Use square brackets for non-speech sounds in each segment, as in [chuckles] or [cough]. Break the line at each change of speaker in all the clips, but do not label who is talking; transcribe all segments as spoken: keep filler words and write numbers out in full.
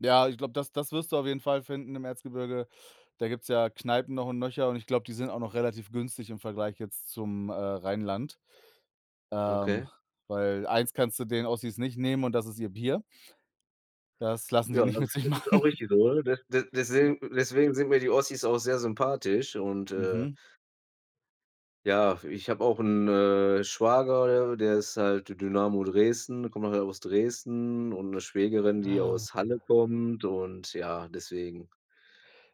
Ja, ich glaube, das das wirst du auf jeden Fall finden im Erzgebirge. Da gibt's ja Kneipen noch und nöcher und ich glaube, die sind auch noch relativ günstig im Vergleich jetzt zum, äh, Rheinland. Ähm,
Okay.
weil eins kannst du denen Ossis nicht nehmen und das ist ihr Bier. Das lassen sie
Ja,
nicht
das
mit sich machen.
ist auch
[chuckles]
richtig so, oder? D d
Ja.
deswegen deswegen sind mir die Ossis auch sehr sympathisch und, äh
Mhm.
Ja, ich habe auch 'n, äh, Schwager, der der ist halt D Dynamo Dresden, kommt halt auch aus Dresden und 'ne Schwägerin, die
Ah,
aus Halle
hm.
kommt und ja, deswegen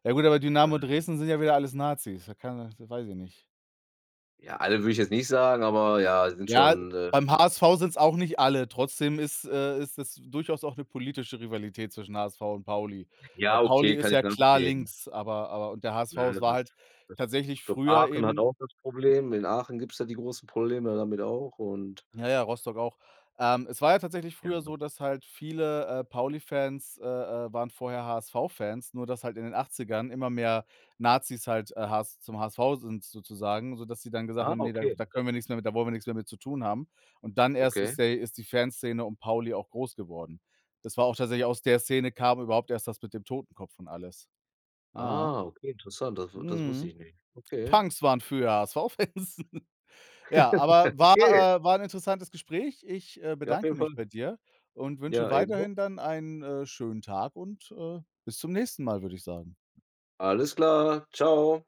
Ja gut, aber
Ähm
Dynamo Dresden sind ja wieder alles Nazis. Da kann er da weiß ich nicht.
Ja, alle würde ich jetzt nicht sagen, aber ja, sind
Ja,
schon, äh
beim HSV sind's auch nicht alle, trotzdem ist äh, ist es durchaus auch 'ne politische Rivalität zwischen HSV und Pauli. Weil
Ja,
Pauli
okay,
ist
kann ich
ja klar
nachvollziehen.
links, aber aber und der HSV
Na ja,
es war
das
halt
das
tatsächlich
ich glaube,
früher
Aachen hat
eben
auch das Problem. In Aachen gibt's da die großen Probleme damit auch und
Ja, ja, Rostock auch. Ähm, es war ja tatsächlich früher
Ja.
so, dass halt viele, äh, Pauli-Fans, äh, äh, waren vorher HSV-Fans, nur dass halt in den Achtzigern immer mehr Nazis halt, äh, HS zum HSV sind sozusagen, sodass sie dann gesagt
Ah,
haben: „Ne, da
okay.
da können wir nix mehr mit da wollen wir nix mehr mit zu tun haben.“ Und dann erst
Okay.
ist der ist die Fanszene um Pauli auch groß geworden. Das war auch tatsächlich aus der Szene kam überhaupt erst das mit dem Totenkopf und alles. Aha.
Ah, okay, interessant, das w das wusste ich
Mhm.
nicht. Okay.
Punks waren früher HSV Fans. [chuckles] Ja,
[laughs]
aber war
Okay.
äh, war 'n interessantes Gespräch. Ich, äh,
Ja, auf
bedanke
jeden Fall.
mich bei dir und wünsche
Ja, ebenso.
weiterhin dann einen, äh, schönen Tag und, äh, bis zum nächsten Mal, würde ich sagen.
Alles klar. Tschau.